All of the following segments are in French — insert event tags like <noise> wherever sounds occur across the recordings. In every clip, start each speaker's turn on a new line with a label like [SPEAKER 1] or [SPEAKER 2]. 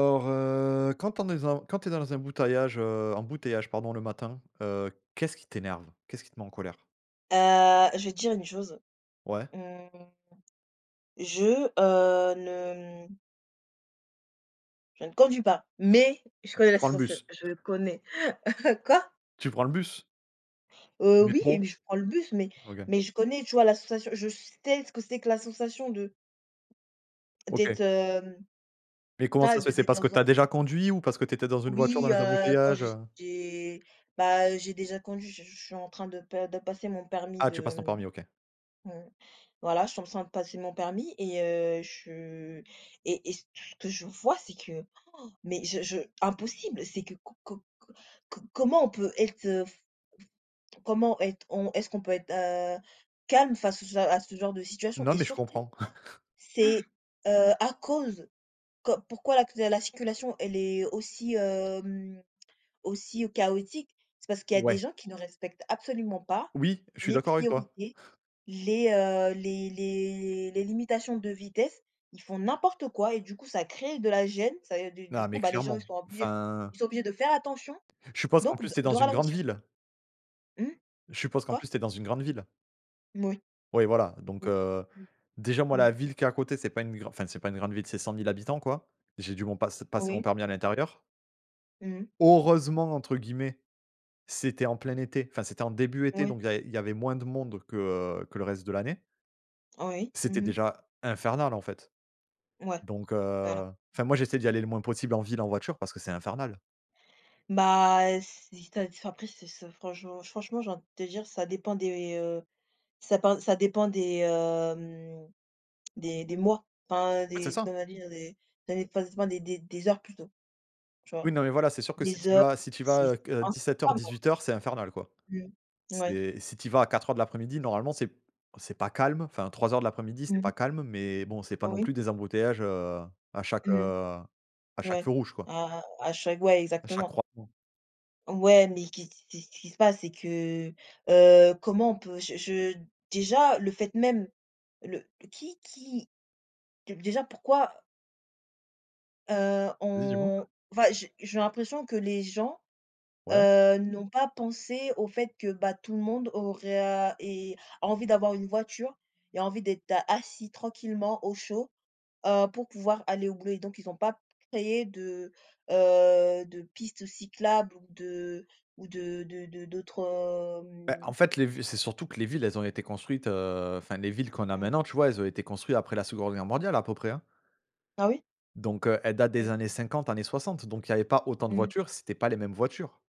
[SPEAKER 1] Or, heu, quand on est dans quand tu es dans un emboutallage embouteillage, pardon, le matin, heu, qu'est-ce qui t'énerve? Qu'est-ce qui te met en colère?
[SPEAKER 2] Heu, je vais te dire une chose:
[SPEAKER 1] Ouais.
[SPEAKER 2] mmh, je, heu, ne, mmh je ne conduis pas, mais, je connais
[SPEAKER 1] Tu
[SPEAKER 2] la
[SPEAKER 1] prends le
[SPEAKER 2] sensation,
[SPEAKER 1] bus.
[SPEAKER 2] je connais. <chuckles> quoi?
[SPEAKER 1] Tu prends le bus?
[SPEAKER 2] Heu, oui,
[SPEAKER 1] Métro?
[SPEAKER 2] mais je prends le bus mais
[SPEAKER 1] OK.
[SPEAKER 2] mais je connais, tu vois, la sensation. Je sais ce que c'est que la sensation de
[SPEAKER 1] OK.
[SPEAKER 2] d'être, hem,
[SPEAKER 1] Mais, comment
[SPEAKER 2] d'a
[SPEAKER 1] ça se fait?
[SPEAKER 2] d'êt d'êt
[SPEAKER 1] C'est
[SPEAKER 2] d'être
[SPEAKER 1] parce que
[SPEAKER 2] dans
[SPEAKER 1] tu
[SPEAKER 2] un
[SPEAKER 1] as déjà conduit? Ou parce que tu étais dans une voiture, dans
[SPEAKER 2] Oui,
[SPEAKER 1] les
[SPEAKER 2] heu, quand
[SPEAKER 1] embouteillages,
[SPEAKER 2] j'ai
[SPEAKER 1] heu?
[SPEAKER 2] j'ai, bah, j'ai déjà conduit. Ch che je suis en train de per de passer mon permis
[SPEAKER 1] Ah, tu
[SPEAKER 2] de,
[SPEAKER 1] passes ton
[SPEAKER 2] hem
[SPEAKER 1] permis. OK.
[SPEAKER 2] mmh, voilà, je suis en train de passer mon permis et heu, je et et ce ce que je vois, c'est que, oh, mais je je impossible c'est que co co co co comment on peut être, fe fe comment être on, est-ce qu'on peut être, heu, calme face à ce à ce genre de situation
[SPEAKER 1] Non,
[SPEAKER 2] et
[SPEAKER 1] mais je
[SPEAKER 2] surtout,
[SPEAKER 1] comprends.
[SPEAKER 2] c'est,
[SPEAKER 1] <laughs>
[SPEAKER 2] heu, à cause, qu pourquoi lacus la circulation, elle est aussi, hem, aussi, heu, chaotique? C'est parce qu'il y a des
[SPEAKER 1] Ouais.
[SPEAKER 2] gens qui ne respectent absolument pas
[SPEAKER 1] Oui, je suis
[SPEAKER 2] les
[SPEAKER 1] d'accord avec toi.
[SPEAKER 2] priorités, les, heu, les les les limitations de vitesse. Ils font n'importe quoi et du coup, ça crée de la gêne. Ça et et du du
[SPEAKER 1] Non,
[SPEAKER 2] coup,
[SPEAKER 1] mais
[SPEAKER 2] bah, les gens, ils
[SPEAKER 1] clairement,
[SPEAKER 2] sont obligés
[SPEAKER 1] enfin
[SPEAKER 2] ils sont obligés de faire attention,
[SPEAKER 1] Je suppose qu'en
[SPEAKER 2] donc
[SPEAKER 1] plus,
[SPEAKER 2] de
[SPEAKER 1] tu es dans
[SPEAKER 2] de
[SPEAKER 1] une grande
[SPEAKER 2] ralentir.
[SPEAKER 1] ville?
[SPEAKER 2] Mmh?
[SPEAKER 1] Je suppose qu'en
[SPEAKER 2] Quoi?
[SPEAKER 1] plus, tu es dans une grande ville?
[SPEAKER 2] Mmh oui.
[SPEAKER 1] Oui voilà, donc
[SPEAKER 2] Oui.
[SPEAKER 1] heu.
[SPEAKER 2] Mmh.
[SPEAKER 1] Déjà moi
[SPEAKER 2] Mmh.
[SPEAKER 1] la ville qui est à côté, c'est pas une gran enfin c'est pas une grande ville, c'est 100 000 habitants quoi. J'ai dû mon passe passer mon
[SPEAKER 2] Oui.
[SPEAKER 1] permis à l'intérieur
[SPEAKER 2] Mmh mh.
[SPEAKER 1] «heureusement» entre guillemets, c'était en plein été enfin c'était en début été,
[SPEAKER 2] Ouais.
[SPEAKER 1] donc il y a il y avait moins de monde que, heu, que le reste de l'année
[SPEAKER 2] Oui,
[SPEAKER 1] c'était
[SPEAKER 2] mmh mh.
[SPEAKER 1] déjà infernal en fait,
[SPEAKER 2] Ouais.
[SPEAKER 1] donc
[SPEAKER 2] Voilà.
[SPEAKER 1] heu. Enfin moi, j'essaie d'y aller le moins possible en ville en voiture parce que c'est infernal.
[SPEAKER 2] Bah heu, si tu as après c'est ce franchement franchement j'ai envie de te dire ça dépend des heu, ça pend ça dépend des heu, hem des des mois, enfin
[SPEAKER 1] En fait, c'est
[SPEAKER 2] des de
[SPEAKER 1] ça.
[SPEAKER 2] comment dire des des enfin des des des heures plutôt. Tu vois?
[SPEAKER 1] Oui, non mais voilà, c'est sûr que si
[SPEAKER 2] Des
[SPEAKER 1] tu y
[SPEAKER 2] heures,
[SPEAKER 1] vas si tu y vas
[SPEAKER 2] c'est.
[SPEAKER 1] heu, que 17:00
[SPEAKER 2] <unintelligible>
[SPEAKER 1] 18:00 c'est infernal quoi.
[SPEAKER 2] Mmh. Ouais.
[SPEAKER 1] C'est, si tu y vas à 16:00 de l'après-midi normalement c'est c'est pas calme enfin 15:00 de l'après-midi,
[SPEAKER 2] Mmh
[SPEAKER 1] c'est
[SPEAKER 2] mh.
[SPEAKER 1] pas calme, mais bon, c'est pas non
[SPEAKER 2] Oui.
[SPEAKER 1] plus des embouteillages, heu, à chaque heu,
[SPEAKER 2] Mmh
[SPEAKER 1] à
[SPEAKER 2] mh.
[SPEAKER 1] chaque feu
[SPEAKER 2] Ouais.
[SPEAKER 1] rouge quoi
[SPEAKER 2] À à chaque ouais,
[SPEAKER 1] à chaque
[SPEAKER 2] exactement.
[SPEAKER 1] croisement.
[SPEAKER 2] Ouais, mais que ce que ce ce qui se passe, c'est que heu, comment on peut je je déjà le fait même le qui qui dé déjà pourquoi heu,
[SPEAKER 1] Vas-y, dis moi.
[SPEAKER 2] on enfin j j'ai l'impression que les gens,
[SPEAKER 1] Ouais.
[SPEAKER 2] heu, n'ont pas pensé au fait que bah tout le monde aurait à et a envie d'avoir une voiture et envie d'être assis tranquillement au chaud, heu, pour pouvoir aller au boulot et donc ils ont pas créé de heu, de pistes cyclables ou de ou de de de de d'autres
[SPEAKER 1] Beh,
[SPEAKER 2] hem
[SPEAKER 1] en fait les vi c'est surtout que les villes elles ont été construites heu, enfin les villes qu'on a
[SPEAKER 2] Mmh.
[SPEAKER 1] maintenant, tu vois elles ont été construits après la 2de guerre mondiale à peu près, hein
[SPEAKER 2] Ah oui.
[SPEAKER 1] donc heu, elles datent des
[SPEAKER 2] OK.
[SPEAKER 1] années 50, années 60, donc il y avait pas autant de
[SPEAKER 2] Mmh.
[SPEAKER 1] voitures, c'était pas les mêmes voitures.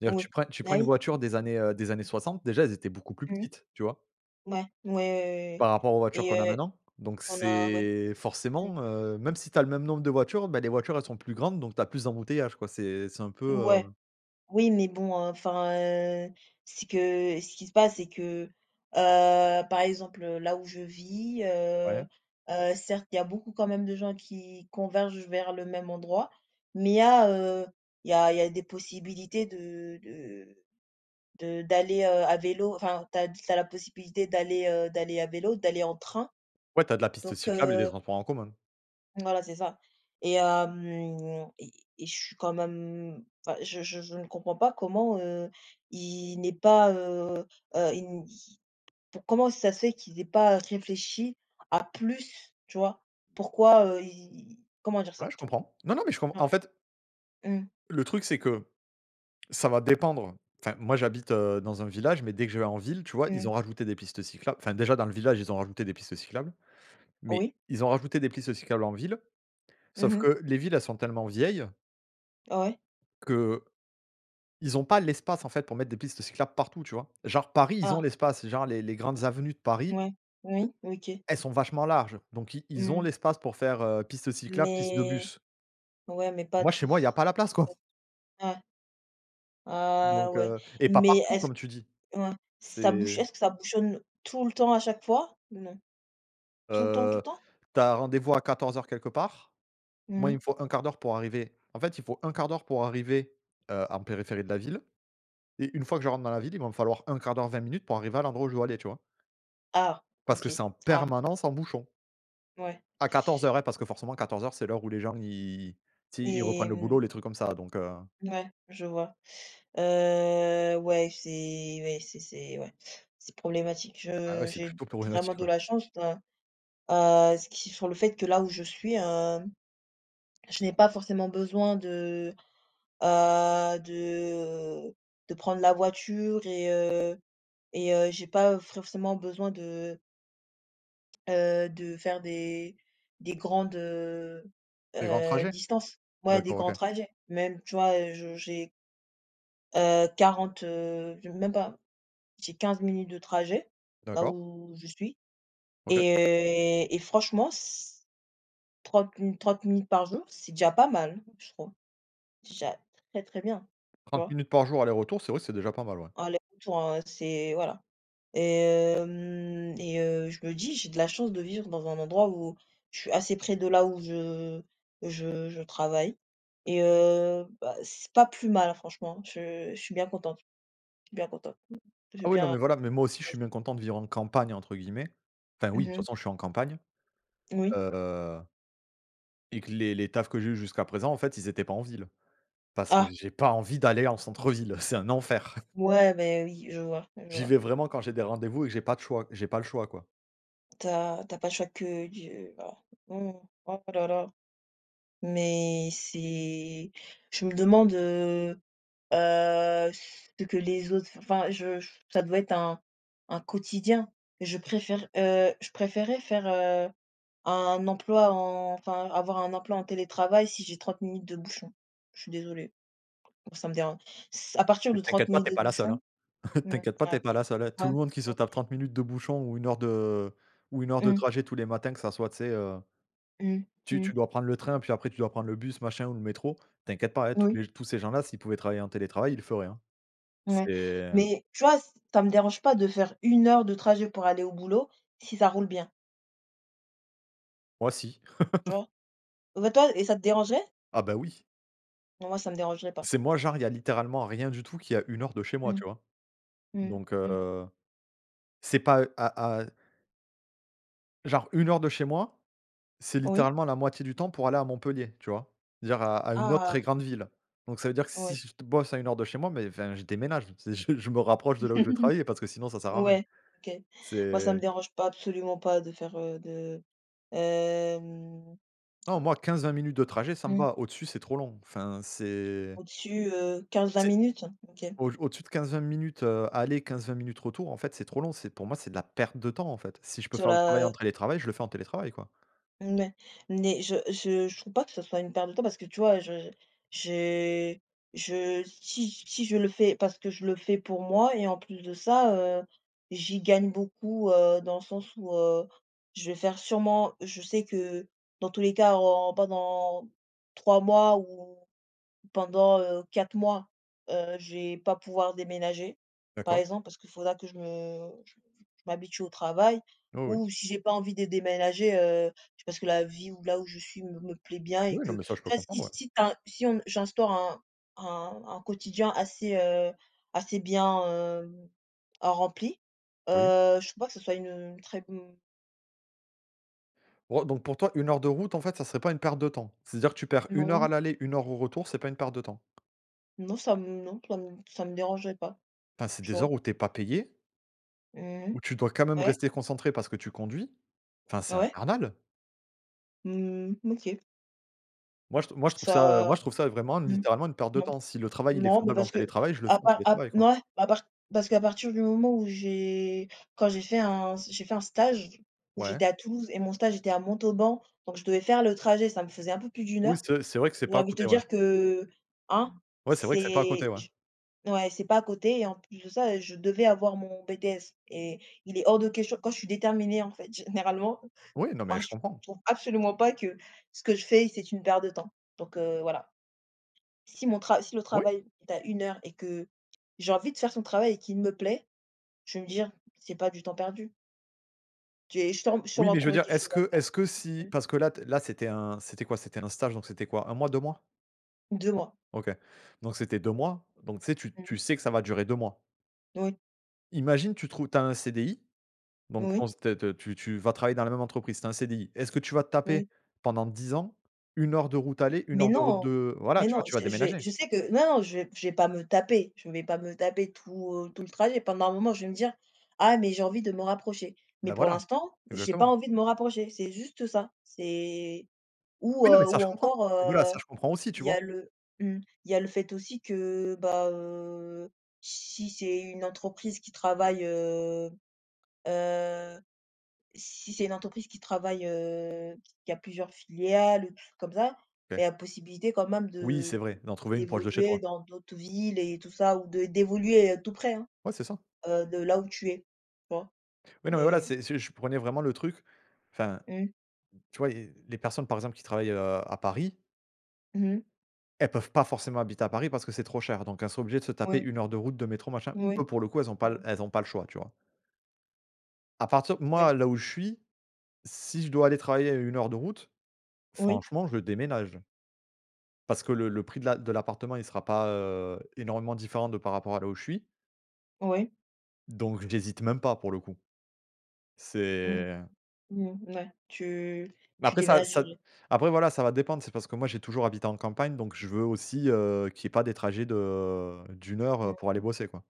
[SPEAKER 1] D'ailleurs
[SPEAKER 2] Oui.
[SPEAKER 1] tu prends tu
[SPEAKER 2] Bah
[SPEAKER 1] prends une
[SPEAKER 2] oui.
[SPEAKER 1] voiture des années heu, des années 60, déjà elles étaient beaucoup plus
[SPEAKER 2] Mmh mh.
[SPEAKER 1] petites, tu vois?
[SPEAKER 2] Ouais, ouais, ouais, ouais oui
[SPEAKER 1] Par rapport aux voitures qu'on a
[SPEAKER 2] et heu
[SPEAKER 1] maintenant, donc
[SPEAKER 2] on a ouais.
[SPEAKER 1] c'est
[SPEAKER 2] Mmh.
[SPEAKER 1] forcément heu, même si tu as le même nombre de voitures, bah, les voitures elles sont plus grandes donc tu as plus d'embouteillages quoi c'est c'est un peu
[SPEAKER 2] Ouais.
[SPEAKER 1] heu
[SPEAKER 2] Oui, mais bon, heu, enfin, heu, ce que ce qui se passe, c'est que heu, par exemple là où je vis heu,
[SPEAKER 1] Ouais.
[SPEAKER 2] heu, certes il y a beaucoup quand même de gens qui convergent vers le même endroit, mais il y a heu, il y a il y a des possibilités de de de d'aller, heu, à vélo enfin, tu as tu as la possibilité d'aller heu, d'aller à vélo, d'aller en train,
[SPEAKER 1] Ouais, tu as de la piste
[SPEAKER 2] donc,
[SPEAKER 1] cyclable et des
[SPEAKER 2] heu
[SPEAKER 1] transports en commun.
[SPEAKER 2] Voilà, c'est ça, et hem, et et je suis quand même mmh, enfin je je je ne comprends pas comment, heu, ils n'aient pas heu, heu, ils ils comment ça se fait qu'ils aient pas réfléchi à plus tu vois? Pourquoi, heu, ils ils comment dire
[SPEAKER 1] Ouais,
[SPEAKER 2] ça?
[SPEAKER 1] je comprends non, non mais je com en
[SPEAKER 2] Ah.
[SPEAKER 1] fait
[SPEAKER 2] Mmh.
[SPEAKER 1] le truc c'est que ça va dépendre enfin moi j'habite, heu, dans un village mais dès que je vais en ville, tu vois, ils
[SPEAKER 2] Mmh.
[SPEAKER 1] ont rajouté des pistes cyclables enfin, déjà dans le village ils ont rajouté des pistes cyclables, mais
[SPEAKER 2] Oui.
[SPEAKER 1] ils ont rajouté des pistes cyclables en ville
[SPEAKER 2] Mmh
[SPEAKER 1] sauf
[SPEAKER 2] mh.
[SPEAKER 1] que les villes elles sont tellement vieilles
[SPEAKER 2] Ouais.
[SPEAKER 1] que, ils ont pas l'espace en fait pour mettre des pistes cyclables partout, tu vois? Genre Paris, ils ont
[SPEAKER 2] Ah.
[SPEAKER 1] l'espace genre les les grandes avenues de
[SPEAKER 2] Mmh
[SPEAKER 1] Paris
[SPEAKER 2] ouais. Oui, OK.
[SPEAKER 1] elles sont vachement larges, donc ils ils ont
[SPEAKER 2] Mmh.
[SPEAKER 1] l'espace pour faire, heu, piste cyclable, piste de
[SPEAKER 2] Mais
[SPEAKER 1] bus.
[SPEAKER 2] ouais mais pas
[SPEAKER 1] Moi chez
[SPEAKER 2] tout pas
[SPEAKER 1] moi il y a pas la place quoi.
[SPEAKER 2] tout. Ouais. Ah
[SPEAKER 1] Donc,
[SPEAKER 2] ouais,
[SPEAKER 1] heu, et pas
[SPEAKER 2] mais
[SPEAKER 1] partout
[SPEAKER 2] est-ce
[SPEAKER 1] comme tu dis.
[SPEAKER 2] ouais. Ça bouch
[SPEAKER 1] C'est
[SPEAKER 2] est-ce ça bouchonne tout le temps à chaque fois ou non? Tout le temps, tout
[SPEAKER 1] Heu,
[SPEAKER 2] le temps?
[SPEAKER 1] tu as rendez-vous à 14 heures quelque part
[SPEAKER 2] Mmh
[SPEAKER 1] moi il me
[SPEAKER 2] mh.
[SPEAKER 1] faut 1/4 d'heure pour arriver en fait il faut 1/4 d'heure pour arriver, heu, en périphérie de la ville et une fois que je rentre dans la ville, il va me falloir 1/4 d'heure 20 minutes pour arriver à l'endroit où je dois aller tu vois
[SPEAKER 2] Ah!
[SPEAKER 1] parce que c'est
[SPEAKER 2] OK.
[SPEAKER 1] en
[SPEAKER 2] Ah.
[SPEAKER 1] permanence en bouchon
[SPEAKER 2] Ouais.
[SPEAKER 1] à 14:00 hein, parce que forcément 14:00 c'est l'heure où les gens ils tu sais, ils reprennent
[SPEAKER 2] Et
[SPEAKER 1] le boulot
[SPEAKER 2] mmh.
[SPEAKER 1] les trucs comme ça donc, heu.
[SPEAKER 2] Ouais, je vois. Heu, ouais, c'est ouais, c'est c'est ouais, c'est problématique.
[SPEAKER 1] Bah ouais,
[SPEAKER 2] Heu,
[SPEAKER 1] c'est
[SPEAKER 2] j'ai
[SPEAKER 1] plutôt
[SPEAKER 2] vraiment
[SPEAKER 1] problématique,
[SPEAKER 2] de
[SPEAKER 1] ouais.
[SPEAKER 2] la chance, ouais. Heu, ce qui font le fait que là où je suis, hem, je n'ai pas forcément besoin de, heu, de de prendre la voiture et heu, et, heu, j'ai pas forcément besoin de heu, de faire des des grandes, heu,
[SPEAKER 1] Les grands
[SPEAKER 2] heu,
[SPEAKER 1] trajets?
[SPEAKER 2] distances. Ouais des
[SPEAKER 1] D'accord, OK.
[SPEAKER 2] grands trajets. Même, tu vois je j'ai heu, 40, heu, j même pas j'ai 15 minutes de trajet, là
[SPEAKER 1] D'accord.
[SPEAKER 2] où je suis
[SPEAKER 1] OK.
[SPEAKER 2] et et franchement c 30 mi 30 minutes par jour, c'est déjà pas mal, je trouve. Déjà très très bien tu
[SPEAKER 1] 30
[SPEAKER 2] vois?
[SPEAKER 1] minutes par jour aller-retour, c'est vrai que c'est déjà pas mal, ouais.
[SPEAKER 2] Ah, les bouchons, c'est voilà, et hem et, heu, je me dis: «J'ai de la chance de vivre dans un endroit où, je suis assez près de là où je où je heu, je travaille.» et, heu, bah c'est pas plus mal franchement. Je je suis bien contente je suis bien contente, m j'ai
[SPEAKER 1] Ah oui non
[SPEAKER 2] bien
[SPEAKER 1] mais voilà, mais moi aussi, je suis
[SPEAKER 2] choisi.
[SPEAKER 1] bien content de vivre «en campagne» entre guillemets enfin oui
[SPEAKER 2] Mmh
[SPEAKER 1] de toute
[SPEAKER 2] mh.
[SPEAKER 1] façon, je suis en campagne,
[SPEAKER 2] Oui.
[SPEAKER 1] heu et que les les tafs que j'ai eus jusqu'à présent en fait, ils étaient pas en ville. Parce que
[SPEAKER 2] Ah.
[SPEAKER 1] j'ai pas envie d'aller en centre-ville, c'est un enfer. <chuckles>
[SPEAKER 2] Ouais beh oui je vois je
[SPEAKER 1] J'y
[SPEAKER 2] vois.
[SPEAKER 1] vais vraiment quand j'ai des rendez-vous et que j'ai pas de choix j'ai pas le choix quoi.
[SPEAKER 2] Tu as tu as pas chaque d j voilà mmh mh. Oh là là, mais c'est je me demande, heu, heu, ce que les autres enfin je ça doit être un un quotidien. Je préfère heu, je préférais faire heu, un emploi en enfin avoir un emploi en télétravail si j'ai 30 minutes de bouchon. Je suis désolée, ça me déran ç à partir de 30
[SPEAKER 1] T'inquiètes pas,
[SPEAKER 2] minutes
[SPEAKER 1] tu es
[SPEAKER 2] de
[SPEAKER 1] pas la seule
[SPEAKER 2] bouchon
[SPEAKER 1] hein.
[SPEAKER 2] mmh,
[SPEAKER 1] T'inquiètes pas, tu es
[SPEAKER 2] ah,
[SPEAKER 1] pas la seule hein. Tout
[SPEAKER 2] ouais.
[SPEAKER 1] le monde qui se
[SPEAKER 2] <unintelligible>
[SPEAKER 1] tape 30 minutes de bouchon ou 1 heure de ou 1 heure de
[SPEAKER 2] Mmh.
[SPEAKER 1] trajet tous les matins que ça soit tu sais, heu
[SPEAKER 2] Mmh.
[SPEAKER 1] tu
[SPEAKER 2] Mmh.
[SPEAKER 1] tu dois prendre le train, puis après tu dois prendre le bus machin ou le métro, t'inquiète pas hein, tous
[SPEAKER 2] Oui.
[SPEAKER 1] les tous ces gens-là s'ils pouvaient travailler en télétravail il le feraient, hein.
[SPEAKER 2] Ouais,
[SPEAKER 1] C'est heu
[SPEAKER 2] mais tu vois ç ça me dérange pas de faire 1 heure de trajet pour aller au boulot, si ça roule bien.
[SPEAKER 1] Moi si.
[SPEAKER 2] Tu
[SPEAKER 1] <laughs>
[SPEAKER 2] vois? Mais toi et ça te dérangeait?
[SPEAKER 1] Ah bah oui.
[SPEAKER 2] Moi ça me dérangerait pas.
[SPEAKER 1] C'est moi genre il y a littéralement rien du tout qui est à 1 heure de chez moi,
[SPEAKER 2] Mmh.
[SPEAKER 1] tu vois?
[SPEAKER 2] Mmh.
[SPEAKER 1] Donc,
[SPEAKER 2] Mmh.
[SPEAKER 1] heu, c'est pas à à genre 1 heure de chez moi, c'est
[SPEAKER 2] Oui.
[SPEAKER 1] littéralement la moitié du temps pour aller à Montpellier, tu vois? Dire à à une autre très
[SPEAKER 2] Ah!
[SPEAKER 1] grande ville, donc ça veut dire que si
[SPEAKER 2] Ouais.
[SPEAKER 1] j je t bosse à 1 heure de chez moi, mais enfin, je déménage, c je je me rapproche de là où je vais travailler parce que sinon
[SPEAKER 2] <chuckles>
[SPEAKER 1] ça sert à rien.
[SPEAKER 2] Ouais. OK. Moi ça
[SPEAKER 1] C'est
[SPEAKER 2] me dérange pas absolument pas de faire heu, de hem
[SPEAKER 1] Nan, moi 15-20 minutes de trajet ça me
[SPEAKER 2] Mmh.
[SPEAKER 1] va, au-dessus, c'est trop long enfin c'est
[SPEAKER 2] Au-dessus, heu, 15-20
[SPEAKER 1] c'est,
[SPEAKER 2] minutes? OK.
[SPEAKER 1] au-d au-dessus de 15-20 minutes, heu, aller 15-20 minutes retour en fait c'est trop long c'est pour moi c'est de la perte de temps en fait. Si je peux
[SPEAKER 2] Sur
[SPEAKER 1] faire le travail
[SPEAKER 2] la,
[SPEAKER 1] en
[SPEAKER 2] heu
[SPEAKER 1] télétravail, je le fais en télétravail quoi.
[SPEAKER 2] Mouais, mais je je je trouve pas que ça soit une perte de temps parce que tu vois je j'ai je si si je le fais parce que je le fais pour moi et en plus de ça, heu, j'y gagne beaucoup, heu, dans le sens où, heu, je vais faire sûrement je sais que, dans tous les cas en pas dans 3 mois ou pendant heu, 4 mois, heu, je vais pas pouvoir déménager, par
[SPEAKER 1] D'accord.
[SPEAKER 2] exemple, parce qu'il faudra que je me j je m'habitue au travail,
[SPEAKER 1] Oui, oui.
[SPEAKER 2] ou si j'ai pas envie de déménager heu, parce que la vie où là où je suis me me plaît bien et
[SPEAKER 1] Oui, non mais ça je peux
[SPEAKER 2] qu'enfin si
[SPEAKER 1] comprendre ouais.
[SPEAKER 2] si tu as un si on si j'instaure un un un quotidien assez heu, assez bien, heu, rempli
[SPEAKER 1] Oui.
[SPEAKER 2] heu, je crois pas que ce soit, heu, une très bon
[SPEAKER 1] Oh donc pour toi 1 heure de route en fait ça serait pas une perte de temps. C'est-à-dire que tu perds 1 heure à
[SPEAKER 2] Non.
[SPEAKER 1] l'aller, 1 heure au retour c'est pas une perte de temps?
[SPEAKER 2] Non ça me non ça me ça me dérangerait pas,
[SPEAKER 1] Enfin, c'est
[SPEAKER 2] tu
[SPEAKER 1] des heures
[SPEAKER 2] vois.
[SPEAKER 1] où tu es pas payée
[SPEAKER 2] Mmh mh.
[SPEAKER 1] où tu dois quand même
[SPEAKER 2] Ouais.
[SPEAKER 1] rester concentrée parce que tu conduis. Enfin, c'est
[SPEAKER 2] Ouais.
[SPEAKER 1] infernal!
[SPEAKER 2] Mmh, OK.
[SPEAKER 1] Moi, je trou moi, je trouve ça, heu. Moi,
[SPEAKER 2] Ça.
[SPEAKER 1] je trouve ça, heu, vraiment,
[SPEAKER 2] Mmh.
[SPEAKER 1] littéralement, une perte de
[SPEAKER 2] Non.
[SPEAKER 1] temps. Si le travail, il est
[SPEAKER 2] Non, mais,
[SPEAKER 1] faisable en
[SPEAKER 2] parce qu'à
[SPEAKER 1] télétravail, je le fais en
[SPEAKER 2] part, à p
[SPEAKER 1] télétravail, quoi.
[SPEAKER 2] mouais. À part, parce qu'à partir du moment où j'ai, quand j'ai fait un s j'ai fait un stage où
[SPEAKER 1] Ouais.
[SPEAKER 2] j'étais à Toulouse et mon stage était à Montauban. Donc, je devais faire le trajet. Ça me faisait un peu plus d'1
[SPEAKER 1] Oui,
[SPEAKER 2] heure
[SPEAKER 1] c'est c'est vrai que c'est
[SPEAKER 2] où
[SPEAKER 1] pas à
[SPEAKER 2] envie de
[SPEAKER 1] côté.
[SPEAKER 2] te
[SPEAKER 1] Ouais.
[SPEAKER 2] dire que, hein,
[SPEAKER 1] Ouais. Oui, c'est vrai que c'est pas à côté.
[SPEAKER 2] c'est
[SPEAKER 1] Ouais.
[SPEAKER 2] je ouais, c'est pas à côté et en plus de ça, heu, je devais avoir mon BTS et il est hors de question quand je suis déterminée, en fait, généralement.
[SPEAKER 1] Oui, non, mais
[SPEAKER 2] Ben,
[SPEAKER 1] je
[SPEAKER 2] je
[SPEAKER 1] comprends.
[SPEAKER 2] trouve absolument pas que ce que je fais, c'est une perte de temps donc, heu, voilà. Si mon tra si le
[SPEAKER 1] Oui.
[SPEAKER 2] travail est à 1 heure et que j'ai envie de faire son travail et qu'il me plaît, je vais me dire: «C'est pas du temps perdu». Je vais sturm
[SPEAKER 1] Oui,
[SPEAKER 2] sûrement
[SPEAKER 1] mais je veux
[SPEAKER 2] trouver
[SPEAKER 1] dire
[SPEAKER 2] quelque
[SPEAKER 1] est-ce
[SPEAKER 2] chose à
[SPEAKER 1] que
[SPEAKER 2] faire.
[SPEAKER 1] est-ce que si
[SPEAKER 2] <unintelligible>
[SPEAKER 1] parce que là t là c'était un c'était quoi? C'était un stage? Donc, c'était quoi 1 mois, 2 mois?
[SPEAKER 2] 2 mois.
[SPEAKER 1] OK. Donc, c'était 2 mois. Donc, tu sais, tu tu
[SPEAKER 2] Mmh.
[SPEAKER 1] sais que ça va durer 2 mois.
[SPEAKER 2] Oui.
[SPEAKER 1] Imagine, tu trouves tu as un CDI donc ton
[SPEAKER 2] Oui.
[SPEAKER 1] s t te tu tu vas travailler dans la même entreprise, c'est un CDI. Est-ce que tu vas te taper
[SPEAKER 2] Oui.
[SPEAKER 1] pendant 10 ans, 1 heure de route aller, 1
[SPEAKER 2] Mais,
[SPEAKER 1] heure de route
[SPEAKER 2] non!
[SPEAKER 1] de voilà,
[SPEAKER 2] Mais,
[SPEAKER 1] tu vois?
[SPEAKER 2] non.
[SPEAKER 1] Tu vas
[SPEAKER 2] Je j'ai
[SPEAKER 1] déménager.
[SPEAKER 2] je sais que non, je vais je vais pas me taper. Je vais pas me taper tout, heu, tout le trajet. Pendant un moment, je vais me dire: «Ah mais j'ai envie de me rapprocher».
[SPEAKER 1] Bah,
[SPEAKER 2] Mais, pour
[SPEAKER 1] voilà.
[SPEAKER 2] l'instant, j'ai pas
[SPEAKER 1] Exactement.
[SPEAKER 2] envie de me rapprocher. C'est juste ça. C'est ou,
[SPEAKER 1] Oui, non. Mais
[SPEAKER 2] heu
[SPEAKER 1] ça,
[SPEAKER 2] ou
[SPEAKER 1] je comprends.
[SPEAKER 2] encore,
[SPEAKER 1] Mais, voilà,
[SPEAKER 2] heu,
[SPEAKER 1] ça je comprends aussi, tu
[SPEAKER 2] il y
[SPEAKER 1] vois?
[SPEAKER 2] a le mmh, il y a le fait aussi que, bah, heu, si c'est une entreprise qui travaille, heu, heu si c'est une entreprise qui travaille, heu, qui a plusieurs filiales, comme ça, beh, il y
[SPEAKER 1] OK.
[SPEAKER 2] a possibilité quand même
[SPEAKER 1] Oui.
[SPEAKER 2] de
[SPEAKER 1] C'est vrai,
[SPEAKER 2] de
[SPEAKER 1] d'en trouver une proche de chez
[SPEAKER 2] d'évoluer
[SPEAKER 1] toi.
[SPEAKER 2] dans d'autres villes et tout ça ou d d'évoluer, heu, tout près, hein,
[SPEAKER 1] Ouais, c'est ça.
[SPEAKER 2] heu, de là où tu es. Tu vois?
[SPEAKER 1] Oui, non, mais, voilà.
[SPEAKER 2] Et
[SPEAKER 1] C'est c'est je prenais vraiment le truc. Enfin,
[SPEAKER 2] Mmh.
[SPEAKER 1] tu vois, il y a les personnes, par exemple, qui travaillent, heu, à Paris
[SPEAKER 2] Mmh mh.
[SPEAKER 1] elles peuvent pas forcément habiter à Paris parce que c'est trop cher donc elles sont obligées de se taper
[SPEAKER 2] Ouais.
[SPEAKER 1] 1 heure de route, de métro, machin.
[SPEAKER 2] Mouais.
[SPEAKER 1] Eux, pour le coup, elles ont pas
[SPEAKER 2] Mmh.
[SPEAKER 1] l elles ont pas le choix. Tu vois? À partir moi,
[SPEAKER 2] Ouais.
[SPEAKER 1] là où je suis, si je dois aller travailler à 1 heure de route.
[SPEAKER 2] Oui.
[SPEAKER 1] Franchement, je déménage. Parce que le le prix de l'a l'appartement, il sera pas, heu, énormément différent de par rapport à là où je suis.
[SPEAKER 2] Ouais.
[SPEAKER 1] Donc, j'hésite même pas pour le coup.
[SPEAKER 2] Mmh mh.
[SPEAKER 1] C'est
[SPEAKER 2] Mmh mh. Ouais. Tu
[SPEAKER 1] Bah,
[SPEAKER 2] tu
[SPEAKER 1] après ça ça
[SPEAKER 2] déménagerais.
[SPEAKER 1] après, voilà, ça va dépendre. C'est parce que moi j'ai toujours habité en campagne donc je veux aussi, heu, qu'il y ait pas de trajets de d'1 heure,
[SPEAKER 2] Mmh
[SPEAKER 1] heu,
[SPEAKER 2] mh.
[SPEAKER 1] pour aller bosser, quoi.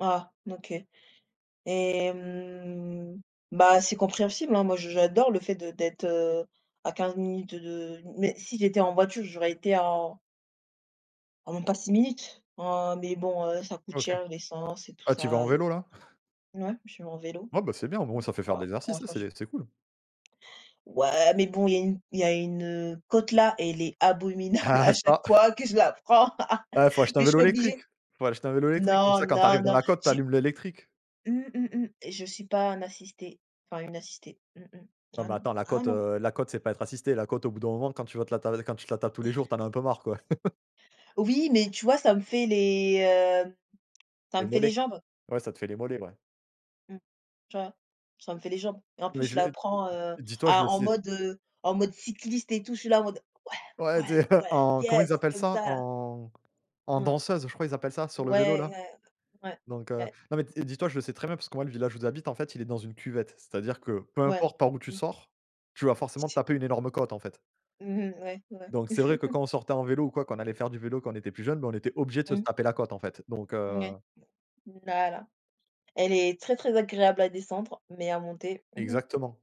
[SPEAKER 2] Ah, OK et hem, bah, c'est compréhensible, hein. Moi, je j'adore le fait de d'être à 15 minutes de mais, si j'étais en voiture, j'aurais été en en même pas 6 minutes en mais, bon, heu, ça coûte
[SPEAKER 1] OK.
[SPEAKER 2] cher l'essence et tout
[SPEAKER 1] Ah, tu y vas en
[SPEAKER 2] ça et
[SPEAKER 1] vélo,
[SPEAKER 2] puis
[SPEAKER 1] là? <chuckles>
[SPEAKER 2] ouais, j'y vais en vélo. <unintelligible>
[SPEAKER 1] Ouais, bah, c'est bien. Au moins, ça fait faire
[SPEAKER 2] Ouais,
[SPEAKER 1] de
[SPEAKER 2] pour
[SPEAKER 1] l'exercice. Si, si
[SPEAKER 2] l'instant je
[SPEAKER 1] c'est c'est cool.
[SPEAKER 2] Ouais, mais, bon, il y a une, heu, il y a une côte là et elle est abominable
[SPEAKER 1] Ah
[SPEAKER 2] à chaque
[SPEAKER 1] ça!
[SPEAKER 2] fois que je la prends
[SPEAKER 1] Ah, faut acheter un
[SPEAKER 2] mais je
[SPEAKER 1] vélo
[SPEAKER 2] suis
[SPEAKER 1] électrique
[SPEAKER 2] obligée.
[SPEAKER 1] faut acheter un vélo électrique comme
[SPEAKER 2] Non,
[SPEAKER 1] ça quand tu arrives
[SPEAKER 2] non,
[SPEAKER 1] dans
[SPEAKER 2] non,
[SPEAKER 1] la côte, tu
[SPEAKER 2] j'ai
[SPEAKER 1] allumes l'électrique.
[SPEAKER 2] Mmh mh, mh et je suis pas un assisté, enfin, une assistée. Mmh mh.
[SPEAKER 1] Ah
[SPEAKER 2] Ah
[SPEAKER 1] bah.
[SPEAKER 2] non,
[SPEAKER 1] Attends la
[SPEAKER 2] ah
[SPEAKER 1] côte,
[SPEAKER 2] non!
[SPEAKER 1] heu. La côte, c'est pas être assisté. La côte, au bout d'un moment, quand tu vas te la ta quand tu la tapes tous les jours,
[SPEAKER 2] <chuckles>
[SPEAKER 1] tu en as un peu marre, quoi. <laughs>
[SPEAKER 2] Oui, mais tu vois, ça me fait les, hem, ça
[SPEAKER 1] Les
[SPEAKER 2] me fait les
[SPEAKER 1] mollets.
[SPEAKER 2] jambes.
[SPEAKER 1] Ouais, ça te fait les mollets, ouais.
[SPEAKER 2] Mmh. Tu vois? Ça me fait les jambes et en plus,
[SPEAKER 1] Mais,
[SPEAKER 2] je
[SPEAKER 1] je
[SPEAKER 2] la
[SPEAKER 1] le d
[SPEAKER 2] prends, heu,
[SPEAKER 1] dis toi, je le
[SPEAKER 2] à en
[SPEAKER 1] sais.
[SPEAKER 2] mode en mode cycliste et tout. Je suis là, en mode: «Ouais,
[SPEAKER 1] Ouais. Tu
[SPEAKER 2] ouais,
[SPEAKER 1] sais,
[SPEAKER 2] ouais,
[SPEAKER 1] en comment
[SPEAKER 2] yes»,
[SPEAKER 1] ils appellent
[SPEAKER 2] comme
[SPEAKER 1] ça?
[SPEAKER 2] ça, là.
[SPEAKER 1] En en
[SPEAKER 2] <unintelligible>
[SPEAKER 1] danseuse, je crois. Ils appellent ça sur le vélo,
[SPEAKER 2] Ouais,
[SPEAKER 1] là.
[SPEAKER 2] ouais, ouais.
[SPEAKER 1] Donc, heu,
[SPEAKER 2] Ouais.
[SPEAKER 1] non, mais, t et dis toi, je le sais très bien parce que, moi, le village où j'habite, en fait, il est dans une cuvette. C'est-à-dire que peu
[SPEAKER 2] Ouais.
[SPEAKER 1] importe, par où tu
[SPEAKER 2] Mmh.
[SPEAKER 1] sors, tu vas forcément te
[SPEAKER 2] <unintelligible>
[SPEAKER 1] taper une énorme côte, en fait.
[SPEAKER 2] Mmh mh. Ouais, ouais.
[SPEAKER 1] Donc, c'est vrai que,
[SPEAKER 2] <laughs>
[SPEAKER 1] quand on sortait en vélo ou quoi, qu'on allait faire du vélo quand on était plus jeune, bah, on était obligé de
[SPEAKER 2] Mmh.
[SPEAKER 1] se taper la côte, en fait. Donc, heu.
[SPEAKER 2] Ouais. Voilà. Elle est très très agréable à descendre mais à monter. <groans>
[SPEAKER 1] Exactement.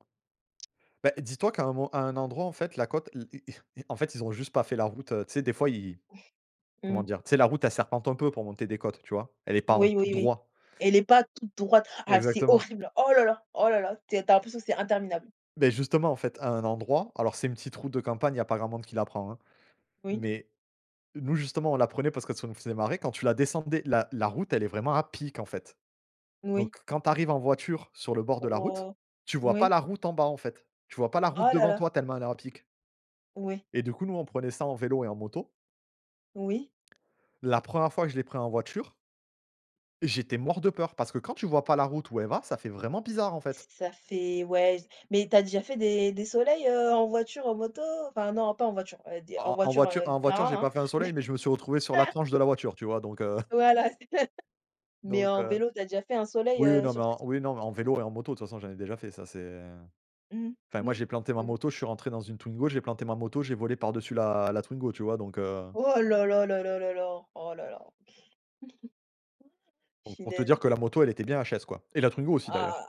[SPEAKER 1] Beh, dis toi qu'à un mo à un endroit, en fait, la côte i i i en fait, ils ont juste pas fait la route. Tu sais, des fois, ils
[SPEAKER 2] <chuckles>
[SPEAKER 1] comment
[SPEAKER 2] Mmh.
[SPEAKER 1] dire, tu sais, la route elle serpente un peu pour monter des côtes, tu vois? Elle est pas en tout
[SPEAKER 2] Oui, oui, oui.
[SPEAKER 1] droit.
[SPEAKER 2] Elle est pas toute droite. Ah, c'est
[SPEAKER 1] Exactement.
[SPEAKER 2] horrible. Oh là là! Oh là là! T tu as l'impression c'est interminable.
[SPEAKER 1] Beh, justement, en fait, à un endroit alors c'est une petite route de campagne, il y a pas grand monde qui la prend, hein.
[SPEAKER 2] Oui.
[SPEAKER 1] Mais nous, justement, on la prenait parce que ça nous faisait marrer quand tu la descendais, la la route. Elle est vraiment à pic, en fait. Donc,
[SPEAKER 2] Oui.
[SPEAKER 1] quand tu arrives en voiture sur le bord de la route,
[SPEAKER 2] Oh.
[SPEAKER 1] tu vois pas
[SPEAKER 2] Oui.
[SPEAKER 1] la route en bas, en fait. Tu vois pas la route
[SPEAKER 2] Oh là
[SPEAKER 1] devant
[SPEAKER 2] là!
[SPEAKER 1] toi tellement elle est à pic
[SPEAKER 2] Oui.
[SPEAKER 1] et du coup, nous, on prenait ça en vélo et en moto.
[SPEAKER 2] Oui.
[SPEAKER 1] La 1re fois que je l'ai pris en voiture. J'étais mort de peur, parce que quand tu vois pas la route où elle va, ça fait vraiment bizarre, en
[SPEAKER 2] Ç
[SPEAKER 1] fait.
[SPEAKER 2] ça fait, ouais j mais tu as déjà fait des des soleils, heu, en voiture, en moto? Enfin non pas en voiture, heu, d
[SPEAKER 1] En
[SPEAKER 2] en
[SPEAKER 1] en en
[SPEAKER 2] voiture,
[SPEAKER 1] voiture
[SPEAKER 2] heu,
[SPEAKER 1] en voiture j'ai
[SPEAKER 2] bien,
[SPEAKER 1] pas fait un
[SPEAKER 2] hein!
[SPEAKER 1] soleil mais je me suis retrouvé sur la
[SPEAKER 2] <laughs>
[SPEAKER 1] tranche de la voiture, tu vois, donc heu
[SPEAKER 2] Voilà, c'est ça! <chuckles> Mais
[SPEAKER 1] donc,
[SPEAKER 2] en
[SPEAKER 1] heu
[SPEAKER 2] vélo t'as déjà fait un soleil,
[SPEAKER 1] oui
[SPEAKER 2] heu,
[SPEAKER 1] non
[SPEAKER 2] sur
[SPEAKER 1] mais en
[SPEAKER 2] cette
[SPEAKER 1] oui non mais en vélo et en moto, de toute façon, j'en ai déjà, ça c'est, heu
[SPEAKER 2] Mmh,
[SPEAKER 1] enfin, moi
[SPEAKER 2] mmh.
[SPEAKER 1] j'ai planté ma
[SPEAKER 2] Oui.
[SPEAKER 1] moto, je suis rentré dans une Twingo, j'ai planté ma moto, j'ai volé par dessus la la Twingo, tu vois, donc, heu
[SPEAKER 2] Oh là, là, là, là, là, là, oh là, là. <laughs>
[SPEAKER 1] donc pour te dire
[SPEAKER 2] Punaise.
[SPEAKER 1] que la moto, elle était bien HS, quoi. Et la Twingo aussi, d'ailleurs.
[SPEAKER 2] Ah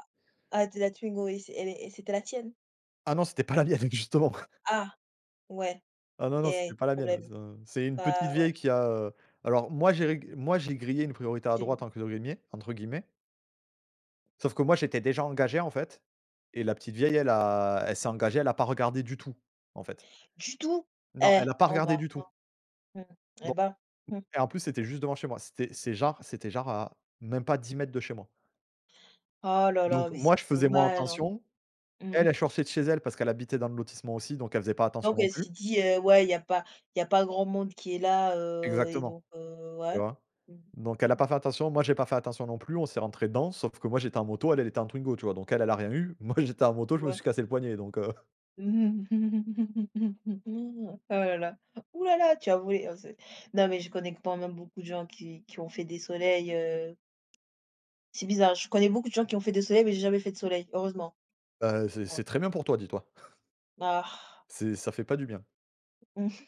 [SPEAKER 2] ah, de la Twingo. Et c elle est et c'était la tienne?
[SPEAKER 1] Ah non, c'était pas la mienne, justement! <chuckles>
[SPEAKER 2] Ah! Ouais.
[SPEAKER 1] Ah non, non, c'était
[SPEAKER 2] Et
[SPEAKER 1] pas la mienne, ah
[SPEAKER 2] problème.
[SPEAKER 1] ça. C'est une petite
[SPEAKER 2] Bah
[SPEAKER 1] vieille
[SPEAKER 2] ouais.
[SPEAKER 1] qui a, heu alors moi j'ai reg moi j'ai grillé une «priorité à
[SPEAKER 2] C'est une
[SPEAKER 1] droite» entre guillemets entre guillemets. Sauf que moi j'étais déjà engagé, en fait, et la petite vieille elle a elle s'est engagée, elle a pas regardé du tout, en fait.
[SPEAKER 2] Du tout?
[SPEAKER 1] Non
[SPEAKER 2] Eh!
[SPEAKER 1] elle a pas
[SPEAKER 2] Au
[SPEAKER 1] regardé
[SPEAKER 2] revoir,
[SPEAKER 1] du tout
[SPEAKER 2] hein. Mmh mh,
[SPEAKER 1] Don
[SPEAKER 2] eh bah, mmh.
[SPEAKER 1] E et en plus c'était juste devant chez moi. C'était c'est genre c'était genre à, même pas 10 mètres de chez moi.
[SPEAKER 2] Oh là
[SPEAKER 1] Donc
[SPEAKER 2] là, mais c'est
[SPEAKER 1] moi je faisais moins
[SPEAKER 2] dommage, hein.
[SPEAKER 1] attention.
[SPEAKER 2] Mmh
[SPEAKER 1] Elle,
[SPEAKER 2] mh.
[SPEAKER 1] elle sortait de chez elle parce qu'elle habitait dans le lotissement aussi, donc elle faisait pas attention
[SPEAKER 2] Donc
[SPEAKER 1] non
[SPEAKER 2] elle s'est
[SPEAKER 1] plus.
[SPEAKER 2] dit: «Heu, ouais, il y a pas il y a pas grand monde qui est là», heu, et
[SPEAKER 1] Exactement.
[SPEAKER 2] donc, heu,
[SPEAKER 1] Tu
[SPEAKER 2] ouais.
[SPEAKER 1] vois?
[SPEAKER 2] Mmh,
[SPEAKER 1] Donc elle a
[SPEAKER 2] mmh.
[SPEAKER 1] pas fait attention, moi j'ai pas fait attention non plus, on s'est rentré dedans, sauf que moi j'étais en moto, elle, elle était en Twingo, tu vois. Donc elle, elle a rien eu, moi j'étais en moto, je me
[SPEAKER 2] Ouais.
[SPEAKER 1] suis cassé le poignet donc, heu. <chuckles>
[SPEAKER 2] <laughs> Oh là là ouh là là tu as volé! Oh c'est non mais je connais quand même beaucoup de gens qui qui ont fait des soleils, heu. C'est bizarre, je connais beaucoup de gens qui ont fait des soleils mais j'ai jamais fait de soleil, heureusement.
[SPEAKER 1] Heu, c'est
[SPEAKER 2] Ouais.
[SPEAKER 1] c'est très bien pour toi, dis toi. <chuckles>
[SPEAKER 2] Argh!
[SPEAKER 1] C'est ça fait pas du bien.
[SPEAKER 2] Mmh mh.